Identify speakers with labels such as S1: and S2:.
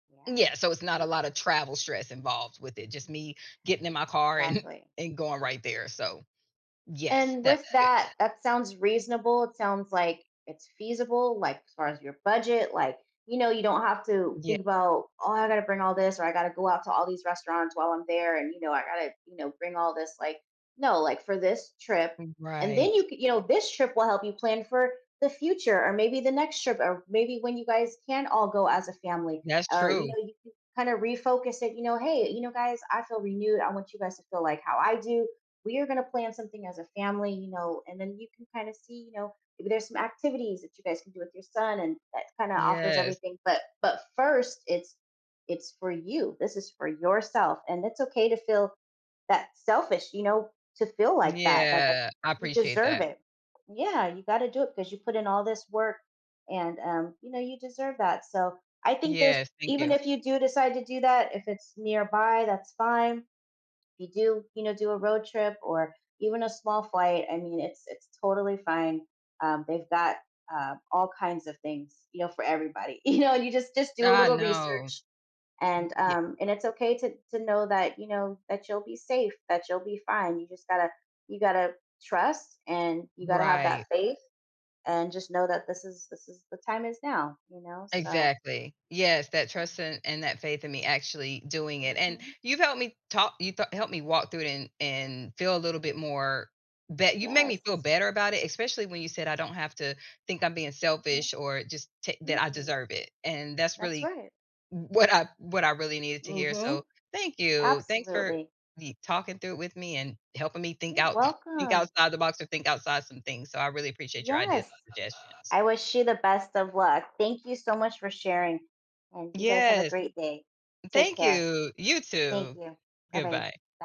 S1: Yeah,
S2: Yeah, so it's not a
S1: we
S2: lot of travel stress involved with it. Just
S1: Mhm.
S2: me getting in my car and
S1: Exactly.
S2: and going right there. So, yes,
S1: And,
S2: that's
S1: with
S2: good.
S1: that, that sounds reasonable, it sounds like it's feasible. Like, as far as your budget, like, you know you don't have to
S2: Ye
S1: think about, "Oh, I gotta bring all this or I gotta go out to all these restaurants while I'm there. And, you know, I gotta, you know, bring all this like" no, like, for this trip
S2: M
S1: And then
S2: right.
S1: you could you know, this trip will help you plan for the future or maybe the next trip or maybe when you guys can all go as a family
S2: That's
S1: or, you
S2: true.
S1: know, you can kinda refocus it, you know, "Hey, you know, guys, I feel renewed. I want you guys to feel like how I do. We are going to plan something as a family." You know, and then you can kind of see, you know, maybe there's some activities that you guys can do with your son and that kind of offers
S2: Yes.
S1: everything. But but 1st, it's it's for you, this is for yourself. And it's okay to feel that selfish you know, to feel like that, that that
S2: Yeah. I
S1: you
S2: appreciate
S1: deserve
S2: that.
S1: it. Yeah, you gotta do it because you put in all this work and, um, you know, you deserve that. So, I think there's
S2: Yes. Thank
S1: even
S2: you.
S1: if you do decide to do that, if it's nearby, that's fine. If you do, you know, do a road trip or even a small flight, I mean, it's it's totally fine. Um, they've got, uh, all kinds of things, you know, for everybody, you know? You just just do a
S2: Ah,
S1: little
S2: no.
S1: research
S2: Mm,
S1: and,
S2: yeah.
S1: um, and it's okay to to know that you know, that you'll be safe, that you'll be fine. You just gotta you gotta trust and you gotta have that
S2: Right.
S1: faith and just know that this is this is the time is now, you know, so
S2: Exactly. Yes. That
S1: Yeah.
S2: trust and and that faith in me actually doing it. And
S1: Mhm.
S2: you've helped me ta you th helped me walk through it and and feel a little bit more be you've made me feel
S1: Yes.
S2: better about it, especially when you said I don't have to think I'm being
S1: Mhm.
S2: selfish or just t that I
S1: Mm-mm.
S2: deserve it. And that's
S1: That's
S2: really
S1: right.
S2: w what I what I really needed to hear. So,
S1: Mhm.
S2: thank you. Thanks for
S1: Absolutely.
S2: me talking through it with me and helping me think
S1: You're
S2: out think
S1: welcome.
S2: outside the box or think outside some things. So, I really appreciate your ideas
S1: Yes.
S2: and suggestions.
S1: I wish you the best of luck. Thank you so much for sharing, and you guys have a
S2: Yes.
S1: great day. Take
S2: Thank
S1: care.
S2: you. You
S1: Thank
S2: too.
S1: you. Alright, by
S2: Goodbye.